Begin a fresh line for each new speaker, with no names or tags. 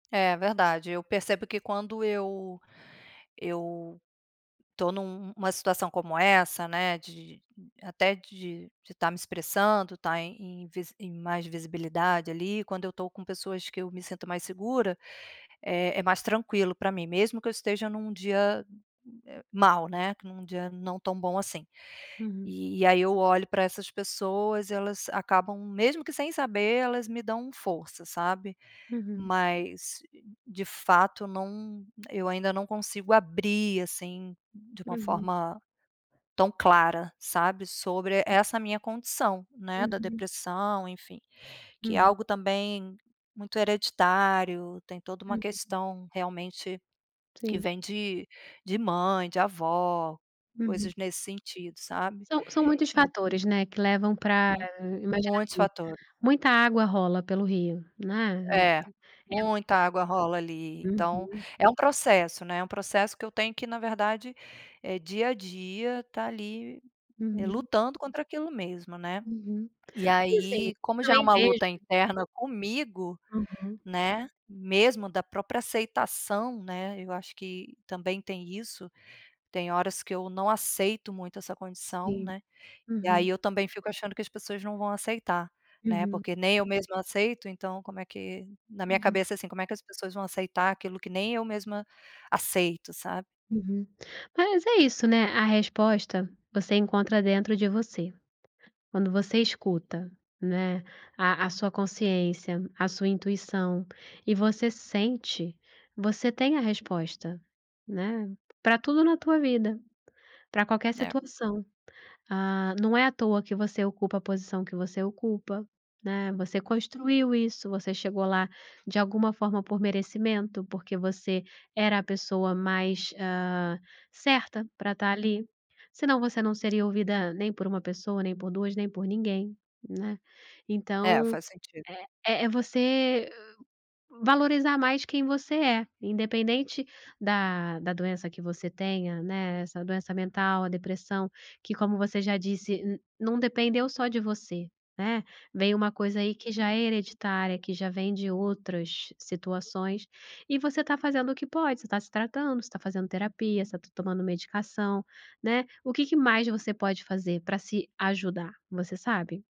É verdade. Eu percebo que quando eu eu tô num uma situação como essa, né, de até de de tá me expressando, tá em em mais visibilidade ali, quando eu tô com pessoas que eu me sinto mais segura, é é mais tranquilo pra mim, mesmo que eu esteja num dia mal, né, num dia não tão bom assim.
Uhum.
E aí, eu olho pra essas pessoas; elas acabam, mesmo que sem saber, elas me dão força, sabe?
Uhum.
Mas de fato não eu ainda não consigo abrir, assim, de uma
Uhum.
forma tão clara, sabe, sobre
Uhum.
essa minha condição, né, da
Uhum.
depressão, enfim. Que é
Uhum.
algo também muito hereditário, tem toda uma
Uhum.
questão, realmente, que
Sim.
vem de de mãe, de avó, coisas
Uhum.
nesse sentido, sabe?
São são muitos
En
fatores, né, que levam pra
Hum.
imagino
Muitos
assim,
fatores.
muita água rola pelo rio, né?
É,
É o
muita água rola ali. Então,
Uhum.
é um processo, né, é um processo que eu tenho que, na verdade, eh, dia a dia tá ali
Uhum.
lutando contra aquilo mesmo, né?
Uhum.
E
E assim, eu
aí, como já é
também
uma
vejo
luta interna comigo,
Uhum.
né, mesmo da própria aceitação, né, eu acho que também tem isso, tem horas que eu não aceito muito essa condição,
Sim,
né? E aí,
uhum.
eu também fico achando que as pessoas não vão aceitar, né,
Uhum.
porque nem eu mesma aceito, então como é que na minha
Uhum.
cabeça, assim, como é que as pessoas vão aceitar aquilo que nem eu mesma aceito, sabe?
Uhum. Mas é isso, né? A resposta você encontra dentro de você. Quando você escuta, né, a a sua consciência, a sua intuição e você sente, você tem a resposta, né, pra tudo na tua vida, pra qualquer
É.
situação. Ah, não é à toa que você ocupa a posição que você ocupa, né? Você construiu isso, você chegou lá, de alguma forma, por merecimento, porque você era a pessoa mais, ah, certa pra tá ali. Senão, você não seria ouvida nem por 1 pessoa, nem por 2, nem por ninguém, né?
É
Então,
faz sentido.
é é você valorizar mais quem você é, independente da da doença que você tenha, né, essa doença mental, a depressão, que como você já disse, não dependeu só de você, né? Vem uma coisa aí que já é hereditária, que já vem de outras situações e você tá fazendo o que pode, você tá se tratando, você tá fazendo terapia, você tá tomando medicação, né? O que que mais você pode fazer pra se ajudar, você sabe?